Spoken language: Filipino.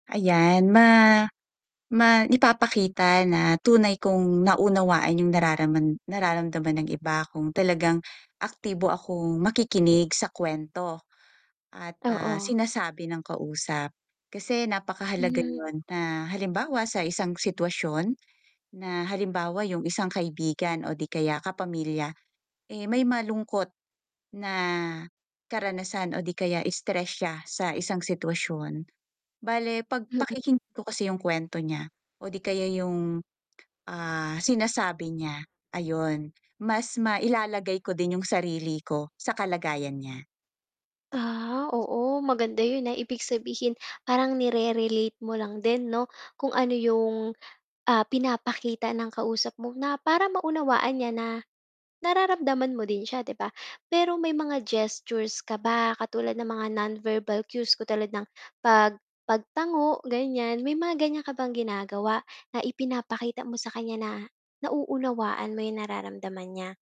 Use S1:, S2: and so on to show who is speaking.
S1: Ayan, ma ma maipapakita na tunay kong naunawaan 'yong nararaman nararamdaman ng iba, kung talagang aktibo akong makikinig sa kuwento at, ah,
S2: Oo.
S1: sinasabi ng kausap. Kasi napakahalaga
S2: Hmm.
S1: 'yon na, halimbawa, sa isang sitwasyon, na halimbawa, 'yong isang kaibigan o 'di kaya kapamilya, eh, may malungkot na karanasan o 'di kaya stress siya sa isang sitwasyon. Bale 'pag
S2: Mm.
S1: pakikinggan ko kasi 'yong kuwento niya, o 'di kaya 'yong, ah, sinasabi niya, ayun, mas mailalagay ko din 'yong sarili ko sa kalagayan niya.
S2: Ah, oo, maganda 'yon, ah, ibig sabihin, parang nire-relate mo lang din, 'no, kung ano 'yong, ah, pinapakita ng kausap mo, na para maunawaan niya na nararamdaman mo din siya, 'di ba? Pero, may mga gestures ka ba, katulad ng mga non-verbal cues katulad ng, pag pagtango, ganiyan, may mga ganiyan ka bang ginagawa na ipinapakita mo sa kaniya na, nauunawaan mo 'yong nararamdaman niya?